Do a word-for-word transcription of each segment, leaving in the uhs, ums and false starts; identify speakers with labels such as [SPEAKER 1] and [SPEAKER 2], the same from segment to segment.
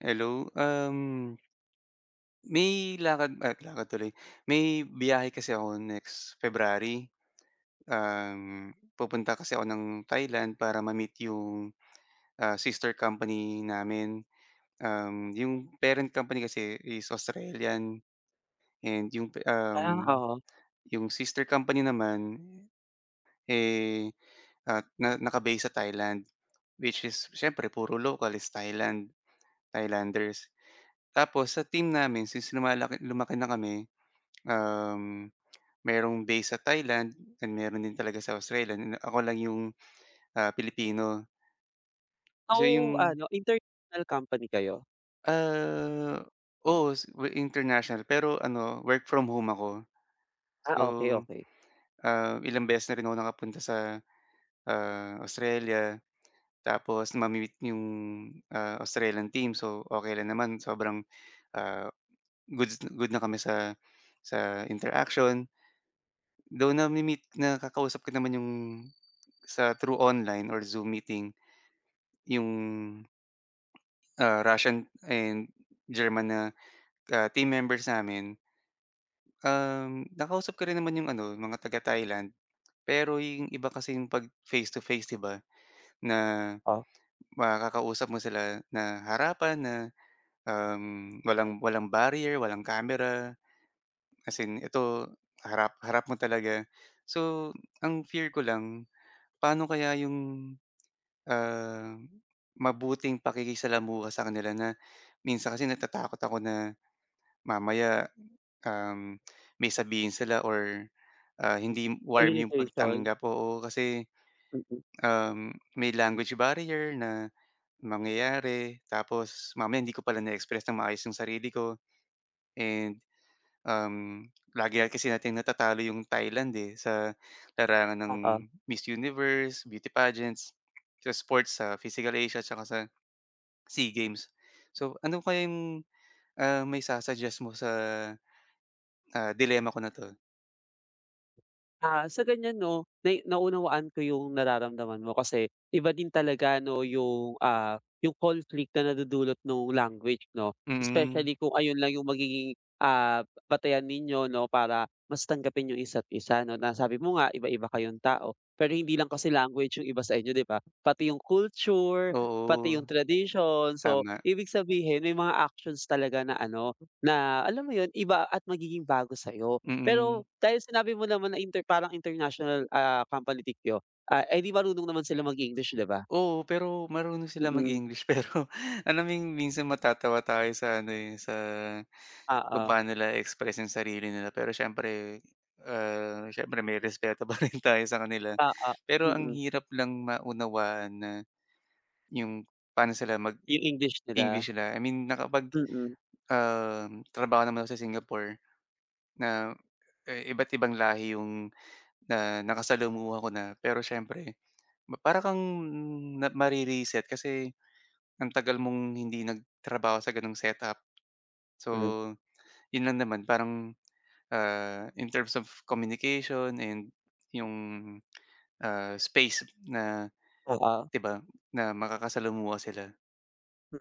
[SPEAKER 1] Hello, um, may lakad, ah, lakad tuloy. May biyahe kasi ako next February. Um, pupunta kasi ako ng Thailand para ma-meet 'yong, ah, sister company namin. Um, 'yong parent company kasi is Australian and 'yong pe
[SPEAKER 2] Ah,
[SPEAKER 1] um,
[SPEAKER 2] oo.
[SPEAKER 1] 'yong sister company naman, eh, ah, na naka-base sa Thailand which is siyempre puro local is Thailand, Thailanders. Tapos sa team namin since lumalaki lumaki na kami, um, mayro'ng base sa Thailand and mayro'n din talaga sa Australia and ako lang 'yong, ah, Pilipino. So,
[SPEAKER 2] So
[SPEAKER 1] 'yong
[SPEAKER 2] ano, international company kayo?
[SPEAKER 1] Ah, oo, so we international. Pero ano, work from home ako.
[SPEAKER 2] Ah,
[SPEAKER 1] So,
[SPEAKER 2] okey, okey.
[SPEAKER 1] ah, ilang beses na rin ako nakapunta sa, ah, Australia. Tapos mami-meet 'yong, ah, Australian team. So, okey lang naman, sobrang, ah, goods good na kami sa sa interaction. Though nami-meet nakakausap ko naman 'yong sa through online or Zoom meeting 'yong, ah, Russian and German na, ah, team members namin. Um, nakausap ko rin naman 'yong ano, mga taga-Thailand, pero 'yong iba kasi 'pag face-to-face, 'di ba, na
[SPEAKER 2] Ah.
[SPEAKER 1] makakausap mo sila na harapan na, um, walang walang barrier, walang camera. As in, ito harap harap mo talaga. So, ang fear ko lang, paano kaya 'yong, ah, mabuting pakikisalamuha sa kanila na minsan kasi natatakot ako na mamaya, um, may sabihin sila or, ah, hindi
[SPEAKER 2] Ah,
[SPEAKER 1] warm yung
[SPEAKER 2] limitation.
[SPEAKER 1] pagtanggap. Oo, kasi,
[SPEAKER 2] Mm.
[SPEAKER 1] um, may language barrier na mangyayari. Tapos mamaya hindi ko pala na-express ng maayos 'yong sarili ko and, um, lagi nga kasi nating natatalo 'yong Thailand, eh, sa larangan ng
[SPEAKER 2] Oo.
[SPEAKER 1] Miss Universe, beauty pageants, sa sports, sa Physical Asia at saka sa SEA Games. So, ano kaya 'yong maisa-suggest mo sa dilemma ko na 'to.
[SPEAKER 2] Ah, sa ganyan 'no nai naunawaan ko yung nararamdaman mo. Kasi iba din talaga ano yung ah, yung conflict na nadudulot nung language 'no,
[SPEAKER 1] Hmm.
[SPEAKER 2] specially kung ayun lang yung magiging ah, batayan ninyo 'no para mas tanggapin yung isa't isa 'no, na sabi mo nga iba iba kayong tao. Pero hindi, lang kasi language yung iba sa inyo diba, pati yung culture, pati
[SPEAKER 1] Oo.
[SPEAKER 2] yung tradition, so
[SPEAKER 1] Tama.
[SPEAKER 2] ibig sabihin may mga actions talaga na ano, na alam mo yun iba at magiging bago sa'yo. Pero
[SPEAKER 1] Mm.
[SPEAKER 2] dahil sinabi mo naman na inter parang international ah, company ninyo ah, ay di marunong naman sila mag-English diba?
[SPEAKER 1] Oo, pero marunong silang
[SPEAKER 2] Mm.
[SPEAKER 1] mag-English pero alam mo yung minsan matatawa tayo sa ano eh, sa kung
[SPEAKER 2] Oo.
[SPEAKER 1] paano nila express yung sarili nila pero syempre ah, syempre may respeto pa rin tayo sa kanila.
[SPEAKER 2] Oo,
[SPEAKER 1] Pero ang
[SPEAKER 2] mm.
[SPEAKER 1] hirap lang maunawaan na, 'yong paano sila
[SPEAKER 2] Yung English nila.
[SPEAKER 1] mag-English sila. I mean ah, nakapag
[SPEAKER 2] Mm.
[SPEAKER 1] trabaho naman ako sa Singapore na iba't ibang lahi 'yong na nakasalamuha ko na. Pero siyempre ma para kang mare-reset kasi ang tagal mong hindi nagtrabaho sa ganong setup.
[SPEAKER 2] Hmm.
[SPEAKER 1] So, 'yon lang naman parang ah, in terms of communication and 'yong ah, space na
[SPEAKER 2] Oo.
[SPEAKER 1] diba na makakasalamuha sila.
[SPEAKER 2] M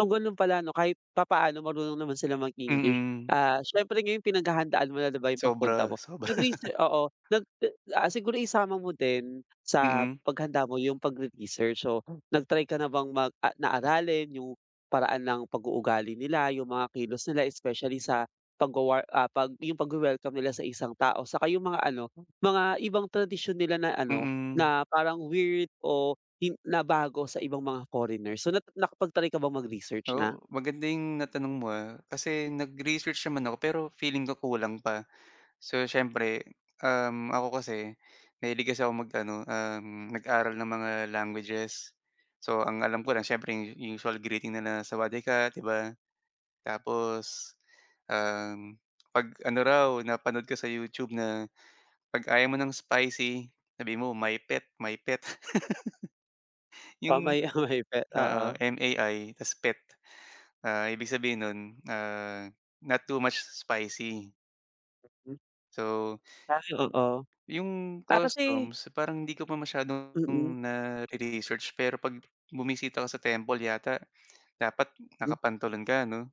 [SPEAKER 2] kung ganun pala, 'no, kahit papaano marunong naman silang mag-English.
[SPEAKER 1] Mm.
[SPEAKER 2] Ah, syempre ngayon pinaghahandaan mo na ba yung pagpunta
[SPEAKER 1] Sobra,
[SPEAKER 2] mo?
[SPEAKER 1] sobra.
[SPEAKER 2] Nag-research oo. Nag, ah, siguro isama mo din sa
[SPEAKER 1] Mm.
[SPEAKER 2] paghanda mo yung pagre-research. So, nag-try ka na bang mag na aralin yung paraan ng pag-uugali nila, yung mga kilos nila especially sa pag, ah, pagwawa ah, yung pagwe-welcome nila sa isang tao tsaka yung mga ano, mga ibang tradisyon nila na ano,
[SPEAKER 1] Mm.
[SPEAKER 2] na parang weird o hin nabago sa ibang mga foreigner. So, na nakapag-try ka ba mag-research
[SPEAKER 1] Oh,
[SPEAKER 2] na?
[SPEAKER 1] maganda 'yong natanong mo, ah, kasi nag-research naman ako, pero feeling ko kulang pa. So, siyempre, um, ako kasi mahilig kasi akong mag-ano, um, mag-aral ng mga languages. So, ang alam ko lang siyempre yung usual greeting na na "Sawadee ka," 'di ba? Tapos, um, 'pag ano raw, napanood ko sa YouTube na 'pag ayaw mo ng spicy, sabihin mo "mi phed, mi phed."
[SPEAKER 2] Oh,
[SPEAKER 1] Yung,
[SPEAKER 2] may, oh, mi phed.
[SPEAKER 1] ah,
[SPEAKER 2] Oo.
[SPEAKER 1] M-A-I ta's phed, ah, ibig sabihin nun, ah, not too much spicy.
[SPEAKER 2] Hmm.
[SPEAKER 1] So,
[SPEAKER 2] Ay oo.
[SPEAKER 1] yung
[SPEAKER 2] Ah, kasi
[SPEAKER 1] costums parang hindi ko pa masyadong
[SPEAKER 2] Mm.
[SPEAKER 1] nare-research, pero 'pag bumisita ka sa temple yata dapat
[SPEAKER 2] Hmm.
[SPEAKER 1] nakapantalon ka 'no?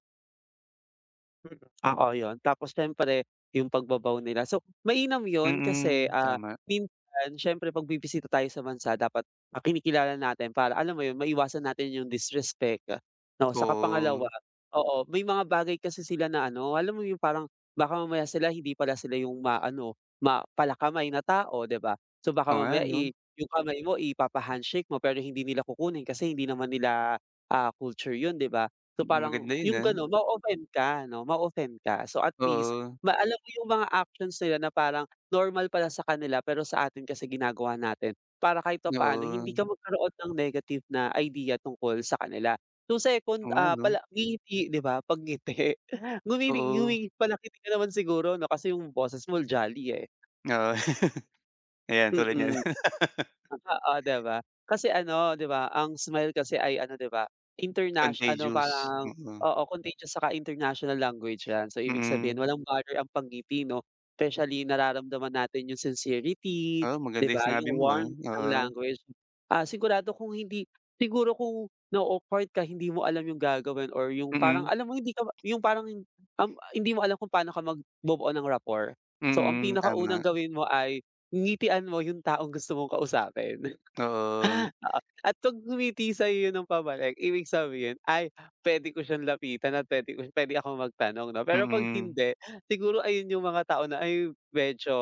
[SPEAKER 2] Mm, oo 'yun tapos siyempre, yung pagba-bow nila. So mainam 'yun kasi,
[SPEAKER 1] Mm,
[SPEAKER 2] ah,
[SPEAKER 1] tama.
[SPEAKER 2] minsan siyempre pagbibisita tayo sa bansa dapat, ah, kinikilala natin para alam mo 'yun, maiwasan natin yung disrespect, 'no. 'Saka pangalawa
[SPEAKER 1] Oh.
[SPEAKER 2] oo, may mga bagay kasi sila na ano alam mo 'yun, parang baka mamaya sila hindi pala sila yung maano, ma pala-kamay na tao 'di ba? So baka
[SPEAKER 1] Oo nga
[SPEAKER 2] mamaya,
[SPEAKER 1] 'no.
[SPEAKER 2] ih, yung kamay mo ipapa-handshake mo pero hindi nila kukunin kasi hindi naman nila, ah, culture yun 'di ba. So
[SPEAKER 1] Hmm,
[SPEAKER 2] parang
[SPEAKER 1] maganda 'yun,
[SPEAKER 2] yung
[SPEAKER 1] ah.
[SPEAKER 2] gano'n ma-o-offend ka 'no, ma-o-offend ka so at least
[SPEAKER 1] Oo.
[SPEAKER 2] ma alam mo yung mga actions nila na parang normal pala sa kanila pero sa atin kasi ginagawa natin, para kahit papaano hindi
[SPEAKER 1] Oo.
[SPEAKER 2] ka magkaroon ng negative na idea tungkol sa kanila. So
[SPEAKER 1] Oo
[SPEAKER 2] second,
[SPEAKER 1] nga
[SPEAKER 2] ah,
[SPEAKER 1] 'no.
[SPEAKER 2] pala ngingiti 'di ba, 'pag ngiti. Ngumingi
[SPEAKER 1] Oo.
[SPEAKER 2] ngumingi pala-ngiti ka naman siguro 'no, kasi yung boses mo jolly, eh.
[SPEAKER 1] Oo. Ayan tulad niyan.
[SPEAKER 2] Mm. Oo 'di ba? Kasi ano 'di ba, ang smile kasi ay ano 'di ba, interna ano
[SPEAKER 1] Contagious,
[SPEAKER 2] parang
[SPEAKER 1] mm.
[SPEAKER 2] oo, contagious 'saka international language yan, so ibig sabihin
[SPEAKER 1] Mm.
[SPEAKER 2] walang bother ang pag ngiti 'no, especially nararamdaman natin yung sincerity
[SPEAKER 1] Oo
[SPEAKER 2] 'di
[SPEAKER 1] maganda yung
[SPEAKER 2] ba,
[SPEAKER 1] sinabi
[SPEAKER 2] yung
[SPEAKER 1] mo, ah,
[SPEAKER 2] warmth ng
[SPEAKER 1] oo.
[SPEAKER 2] language. Ah, sigurado kung hindi siguro kung na-o-awkward ka hindi mo alam yung gagawin or yung parang
[SPEAKER 1] Mm.
[SPEAKER 2] alam mo hindi ka yung parang um, hindi mo alam kung pa'no ka magbubuo ng rapport. So ang
[SPEAKER 1] Mm,
[SPEAKER 2] pinakaunang
[SPEAKER 1] tama.
[SPEAKER 2] gawin mo ay, ngitian mo yung taong gusto mong kausapin,
[SPEAKER 1] Oo.
[SPEAKER 2] oo at 'pag ngumiti sa'yo 'yun ng pabalik ibig sabihin, "Ay, puwede ko siyang lapitan at puwede ko puwede akong magtanong 'no." Pero 'pag
[SPEAKER 1] Mm.
[SPEAKER 2] hindi, siguro ayun yung mga tao na, "Ay, medyo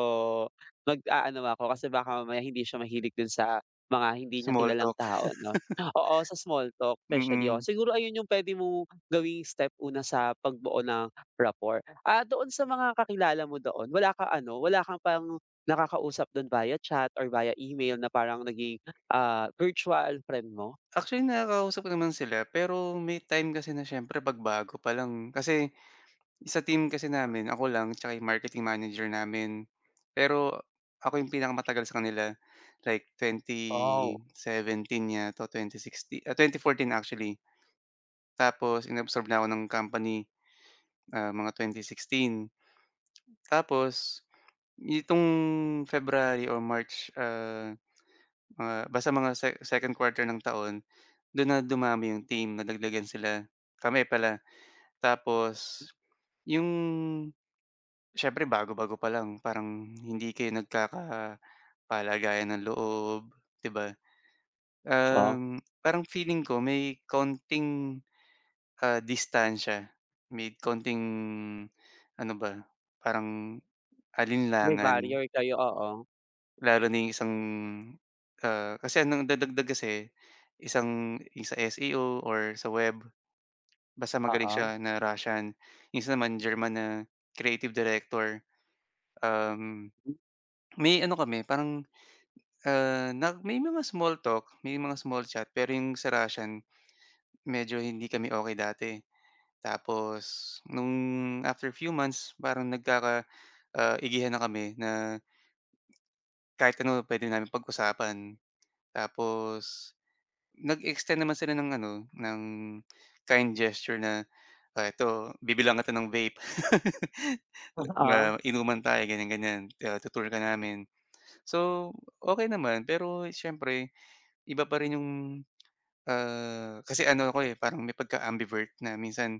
[SPEAKER 2] mag-aano ako kasi baka mamaya hindi siya mahilig din sa mga hindi niya
[SPEAKER 1] Small
[SPEAKER 2] kilalang
[SPEAKER 1] talk.
[SPEAKER 2] tao 'no." Oo, sa small talk, especially, oo.
[SPEAKER 1] Mm.
[SPEAKER 2] Siguro ayun yung puwede mong gawing step una sa pagbuo ng rapport. Ah, doon sa mga kakilala mo doon wala kang ano wala ka pang nakakausap do'n via chat or via email na parang naging, ah, virtual friend mo?
[SPEAKER 1] Actually nakakausap ko naman sila pero may time kasi na siyempre 'pag bago pa lang kasi, sa team kasi
[SPEAKER 2] Ah.
[SPEAKER 1] namin ako lang 'tsaka yung marketing manager namin. Pero ako yung pinakamatagal sa kanila like,
[SPEAKER 2] Oh.
[SPEAKER 1] twenty-seventeen yata o twenty-sixty ah, tenty-fourteen actually. Tapos in-absorb na ako ng company, ah, mga twenty-sixteen. Tapos nitong February or March, ah, ah, basta mga se second quarter ng taon do'n na dumami 'yong team nadagdagan sila kami pala. Tapos 'yong siyempre bago-bago pa lang parang hindi kayo nagkakapalagayan ng loob, 'di ba.
[SPEAKER 2] Oh.
[SPEAKER 1] Um, parang feeling ko may kaonting, ah, distansya may konting ano ba? Parang
[SPEAKER 2] May
[SPEAKER 1] alinlangan.
[SPEAKER 2] barrier kayo, oo.
[SPEAKER 1] Lalo na yung isang, ah, kasi nagdadagdag kasi isang sa S-E-O or sa web, basta magaling
[SPEAKER 2] Oo.
[SPEAKER 1] siya na Russian, yung isa naman German na creative director, um,
[SPEAKER 2] Hmm.
[SPEAKER 1] may, ano, kami parang, ah, na may mga small talk, may mga small chat pero 'yong sa Russian medyo hindi kami okey dati, tapos nung after few months parang nagkaka, ah, igihan na kami na kahit ano puwede naming pag-usapan tapos nag-extend naman sila ng, ano, ng kind gesture na, "Oh, ito bibilhan kita ng vape."
[SPEAKER 2] O, ah.
[SPEAKER 1] na "Inuman tayo." ganyan, ganyan "Tu-tour ka namin." So, okey naman pero siyempre iba pa rin yung, ah, kasi ano ako, eh, parang may pagka-ambivert na minsan,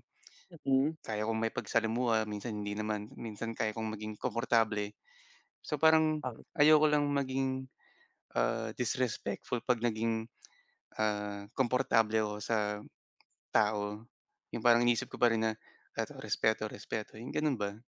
[SPEAKER 2] Na please.
[SPEAKER 1] kaya kong makipagsalamuha, minsan hindi naman, minsan kaya kong maging komportable. So, parang
[SPEAKER 2] Ah.
[SPEAKER 1] ayoko lang maging, ah, disrespectful 'pag naging, ah, komportable ako sa tao, yung parang iniisip ko pa rin na eto respeto, respeto 'yong gano'n ba.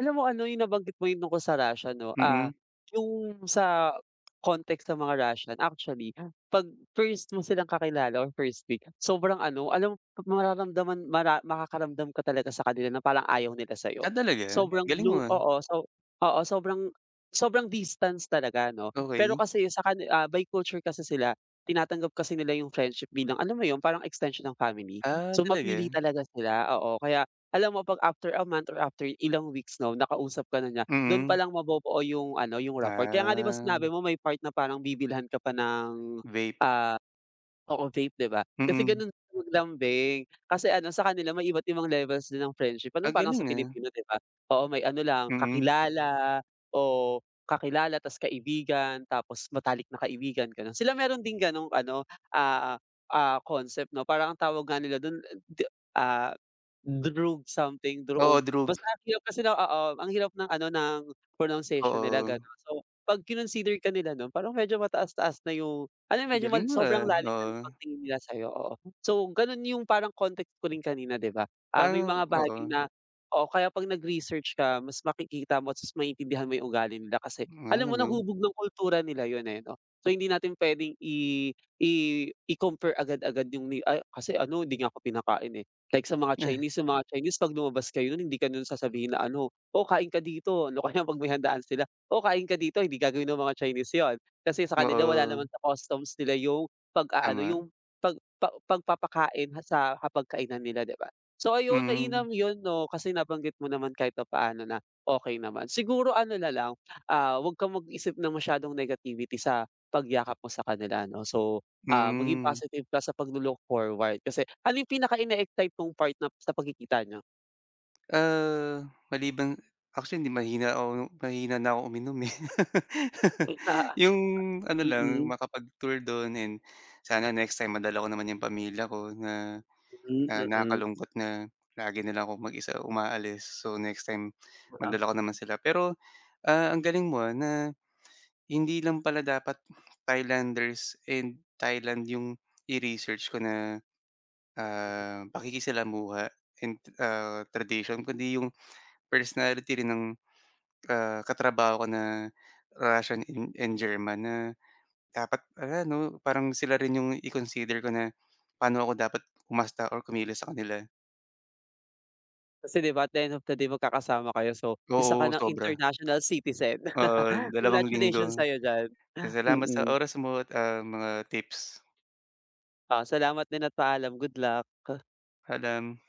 [SPEAKER 2] Alam mo ano yung nabanggit mo yung tungkol sa Russia no, ah
[SPEAKER 1] Mm.
[SPEAKER 2] yung sa context sa mga Russian actually, 'pag first mo silang kakilala or first week, sobrang ano alam mo mararamdaman mara makakaramdam ka talaga sa kanila na parang ayaw nila sa'yo.
[SPEAKER 1] Ah, talaga
[SPEAKER 2] Sobrang
[SPEAKER 1] galing mo,
[SPEAKER 2] blue
[SPEAKER 1] ah.
[SPEAKER 2] oo, so oo, sobrang sobrang distance talaga 'no, pero
[SPEAKER 1] Okey.
[SPEAKER 2] kasi sa kani ah, by culture kasi sila, tinatanggap kasi nila yung friendship bilang alam mo yun parang extension ng family.
[SPEAKER 1] Ah,
[SPEAKER 2] So
[SPEAKER 1] talaga.
[SPEAKER 2] mapili talaga sila, oo, kaya alam mo 'pag after a month or after ilang weeks 'no, nakausap ka na niya, dun
[SPEAKER 1] Mm.
[SPEAKER 2] palang mabubuo yung ano, yung rapport, kaya nga 'di ba
[SPEAKER 1] Ah.
[SPEAKER 2] sinabi mo may part na parang bibilhan ka pa ng,
[SPEAKER 1] Vape.
[SPEAKER 2] ah oo vape, 'di ba? Kasi
[SPEAKER 1] Mm.
[SPEAKER 2] ganun sila maglambing, kasi ano sa kanila may iba't-ibang levels din ng friendship,
[SPEAKER 1] Ah,
[SPEAKER 2] ganon parang sa
[SPEAKER 1] galing, ah.
[SPEAKER 2] Pilipino 'di ba oo. May ano lang
[SPEAKER 1] Mm.
[SPEAKER 2] kakilala o, kakilala ta's kaibigan, tapos matalik na kaibigan, ganon. Sila meron ding ganong ano, ah, ah, concept no parang ang tawag nga nila dun a d ah, droog something
[SPEAKER 1] Oo,
[SPEAKER 2] dro-og
[SPEAKER 1] droog.
[SPEAKER 2] basta ang hirap kasi oo ang hirap ng ano ng pronunciation nila
[SPEAKER 1] Oo.
[SPEAKER 2] ganon. So 'pag kinonsider ka nila nun parang medyo mataas-taas na yung ano medyo ma
[SPEAKER 1] Galing mo,
[SPEAKER 2] sobrang
[SPEAKER 1] ah,
[SPEAKER 2] lalim ng
[SPEAKER 1] oo.
[SPEAKER 2] pagtingin nila sa'yo, oo. So ganun yung parang context ko rin kanina 'di ba, ah, may
[SPEAKER 1] Parang
[SPEAKER 2] mga bagay
[SPEAKER 1] oo.
[SPEAKER 2] na oo kaya 'pag nag-research ka mas makikita mo at mas maintindihan mo yung ugali nila kasi
[SPEAKER 1] Ah,
[SPEAKER 2] alam mo na
[SPEAKER 1] ganun.
[SPEAKER 2] hubog ng kultura nila yun, eh, 'no, so hindi natin puwedeng i i i-compare agad-agad yung ni "Ay kasi ano hindi nga ako pinakain, eh." Like sa mga Chinese, yung mga Chinese 'pag lumabas kayo nun hindi ka nun sasabihin na ano, "Oh, kain ka dito." O kaya 'pag may handaan sila, "Oh, kain ka dito," hindi gagawin ng mga Chinese yun, kasi sa kanila wala naman
[SPEAKER 1] Oo.
[SPEAKER 2] sa customs nila yung pag-aano
[SPEAKER 1] Tama.
[SPEAKER 2] yung pag pa pagpapakain sa hapag kainan nila 'di ba. So ayun
[SPEAKER 1] Mm.
[SPEAKER 2] mainam yun no, kasi nabanggit mo naman kahit paano na, okey naman, siguro ano nalang, ah, 'wag kang mag-isip ng masyadong negativity sa pagyakap mo sa kanila ano. So, ah, maging
[SPEAKER 1] Hmm.
[SPEAKER 2] positive ka sa paglo-look forward kasi ano yung pinaka in-excite mong part na sa pagkikita niyo?
[SPEAKER 1] Ah, maliban actually hindi mahina ako mahina na ako uminom, eh.
[SPEAKER 2] M ah
[SPEAKER 1] Yung ano lang
[SPEAKER 2] mm.
[SPEAKER 1] makapag-tour don, and sana next time madala ko naman 'yong pamilya ko na,
[SPEAKER 2] Hmm,
[SPEAKER 1] na
[SPEAKER 2] mm.
[SPEAKER 1] nakakalungkot na lagi na lang akong mag-isa umaalis. So next time
[SPEAKER 2] Oo.
[SPEAKER 1] madala ko naman sila, pero, ah, ang galing mo na hindi lang pala dapat Thailanders, and Thailand yung i-research ko na,
[SPEAKER 2] M mm.
[SPEAKER 1] ah, pakikisalamuha in ah, tradition kundi yung personality rin ng, ah, katrabaho ko na Russian n and German na dapat pala 'no parang sila rin yung i-consider ko na, paano ako dapat umasta or kumilos sa kanila.
[SPEAKER 2] Kasi 'di ba at the end of the day magkakasama kayo. So isa ka
[SPEAKER 1] Oo,
[SPEAKER 2] ng
[SPEAKER 1] sobra.
[SPEAKER 2] international citizen,
[SPEAKER 1] Oo, n dalawang linggo,
[SPEAKER 2] congratulations sa'yo diyan.
[SPEAKER 1] s salamat sa
[SPEAKER 2] Mm.
[SPEAKER 1] oras mo, at, ah, mga tips.
[SPEAKER 2] Oh, salamat din at paalam. Good luck.
[SPEAKER 1] Paalam.